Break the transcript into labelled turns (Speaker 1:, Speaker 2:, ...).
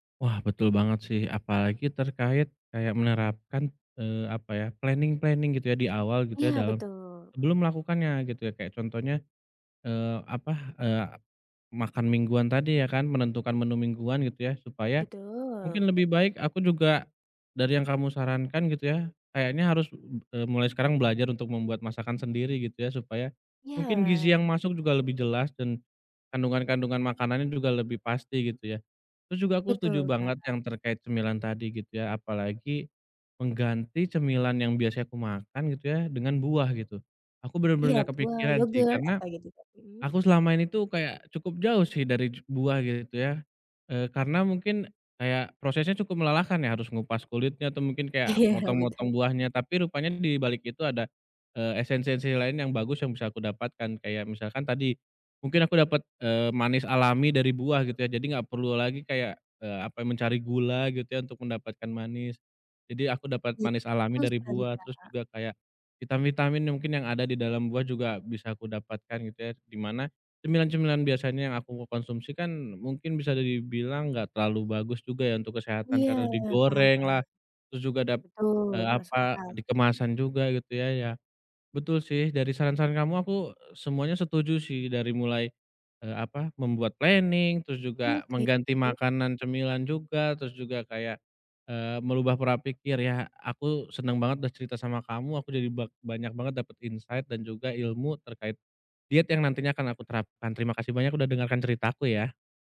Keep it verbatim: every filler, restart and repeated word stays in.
Speaker 1: Wah, betul banget sih. Apalagi terkait kayak menerapkan eee, apa ya, planing-planing gitu ya, di awal gitu ya,
Speaker 2: Iya,
Speaker 1: dalam
Speaker 2: betul.
Speaker 1: sebelum melakukannya, gitu ya. Kayak contohnya, eee, apa, eee, makan mingguan tadi ya kan, menentukan menu mingguan gitu ya, supaya
Speaker 2: Betul.
Speaker 1: mungkin lebih baik aku juga dari yang kamu sarankan gitu ya, kayaknya harus, e b mulai sekarang belajar untuk membuat masakan sendiri gitu ya. Supaya mungkin gizi
Speaker 2: Iya.
Speaker 1: yang masuk juga lebih jelas dan kandungan-kandungan makanannya juga lebih pasti gitu ya. Terus juga aku setuju
Speaker 2: Betul,
Speaker 1: banget
Speaker 2: Kak.
Speaker 1: yang terkait cemilan tadi gitu ya, apalagi mengganti cemilan yang biasanya aku makan gitu ya, dengan buah gitu. Aku
Speaker 2: Iya
Speaker 1: bener-bener nggak
Speaker 2: buah,
Speaker 1: kepikiran sih,
Speaker 2: yogurt,
Speaker 1: karena
Speaker 2: apa gitu Kak. Mhm.
Speaker 1: aku selama ini tuh kayak cukup jauh sih dari ju buah gitu ya. Eee, karena mungkin kayak prosesnya cukup melelahkan ya, harus ngupas kulitnya atau mungkin kayak
Speaker 2: Iya,
Speaker 1: motong-motong
Speaker 2: betul.
Speaker 1: buahnya, tapi rupanya dibalik itu ada, eee esen-sensi lain yang bagus yang bisa aku dapatkan. Kayak misalkan tadi, mungkin aku dapat, eee, manis alami dari buah gitu ya, jadi gak perlu lagi kayak, eee, apa, Mencari gula gitu ya untuk mendapatkan manis. Jadi aku dapet
Speaker 2: Iya.
Speaker 1: manis alami
Speaker 2: Betul
Speaker 1: dari
Speaker 2: sekali,
Speaker 1: buah. Terus
Speaker 2: Kak.
Speaker 1: juga kayak, vitamin-vitamin yang mungkin yang ada di dalam buah juga bisa aku dapatkan gitu ya. Di mana, cemilan-cemilan biasanya yang aku konsumsi kan mungkin bisa dibilang nggak terlalu bagus juga ya untuk kesehatan,
Speaker 2: Iya.
Speaker 1: karena
Speaker 2: Paham,
Speaker 1: digoreng
Speaker 2: paham.
Speaker 1: lah. Terus juga dap
Speaker 2: Betul,
Speaker 1: eee,
Speaker 2: masuk
Speaker 1: apa,
Speaker 2: akal.
Speaker 1: di kemasan juga gitu ya, ya. Betul sih, dari saran-saran kamu, aku e semuanya setuju sih, dari mulai eee, apa, membuat planing, terus juga
Speaker 2: Oke,
Speaker 1: mengganti
Speaker 2: mmm.
Speaker 1: makanan cemilan juga, terus juga kayak eee merubah pora pikir ya. Aku seneng banget udah cerita sama kamu, aku jadi bak banyak banget dapet insight dan juga ilmu terkait diet yang nantinya akan aku terapkan. Terima kasih banyak udah dengarkan cerita aku ya.